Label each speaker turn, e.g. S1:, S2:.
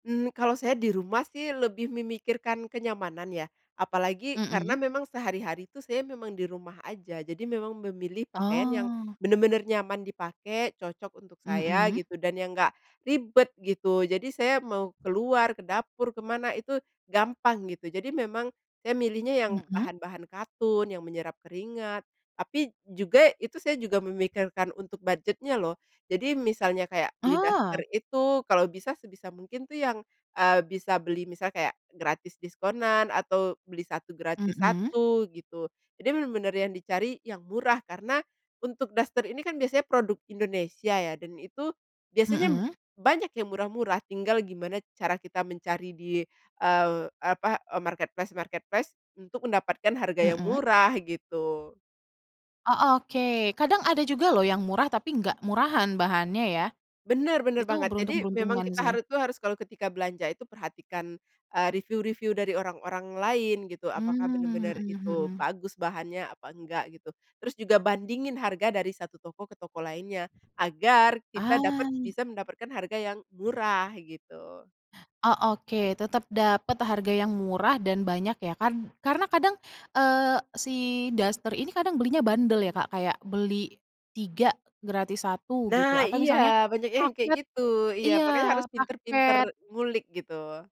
S1: Mmm, kalau saya di rumah sih lebih memikirkan kenyamanan ya. Apalagi karena
S2: Hmm.
S1: memang sehari-hari tuh saya memang di rumah aja. Jadi memang memilih pakaian yang
S2: Oh.
S1: bener-bener nyaman dipakai, cocok untuk saya
S2: Hmm.
S1: gitu, dan yang enggak ribet gitu, jadi saya mau keluar, ke dapur, ke mana, itu gampang gitu. Jadi memang saya milihnya yang
S2: Hmm.
S1: bahan-bahan katun, yang menyerap keringat, tapi juga, itu saya juga memikirkan untuk budget-nya loh. Jadi misalnya kayak, beli daster
S2: Oh.
S1: itu kalau bisa sebisa mungkin tuh yang, eee, bisa beli, misalnya kayak gratis diskonan, atau beli 1 gratis
S2: Hmm.
S1: 1 gitu. Jadi bener-bener yang dicari, yang murah, karena untuk daster ini kan biasanya produk Indonesia ya, dan itu biasanya
S2: Hmm.
S1: banyak yang murah-murah, tinggal gimana cara kita mencari di, eee, apa, eee, marketplace-marketplace untuk mendapatkan harga yang
S2: Hmm.
S1: murah gitu.
S2: Oh, oke, kadang ada juga loh yang murah, tapi enggak murahan bahannya ya.
S1: Bener, bener
S2: Itu
S1: banget. Jadi, memang
S2: beruntung-beruntungan
S1: kita
S2: sih.
S1: hari itu harus, kalau ketika belanja itu perhatikan, eee, review-review dari orang-orang lain gitu, apakah
S2: Mmm,
S1: bener-bener
S2: hmm
S1: itu
S2: hmm.
S1: bagus bahannya, apa enggak gitu. Terus juga bandingin harga dari 1 toko ke toko lainnya, agar kita dapat
S2: Ah.
S1: bisa mendapatkan harga yang murah gitu.
S2: Oh, oke, tetap dapet harga yang murah dan banyak ya kan. Karena kadang, eee, si daster ini kadang belinya bundel ya Kak, kayak beli 3 gratis 1
S1: Nah,
S2: gitu, atau
S1: iya,
S2: misalnya
S1: banyak yang kayak
S2: paket
S1: gitu, iya,
S2: iya,
S1: makanya harus pintar-pintar
S2: paket.
S1: ngulik gitu.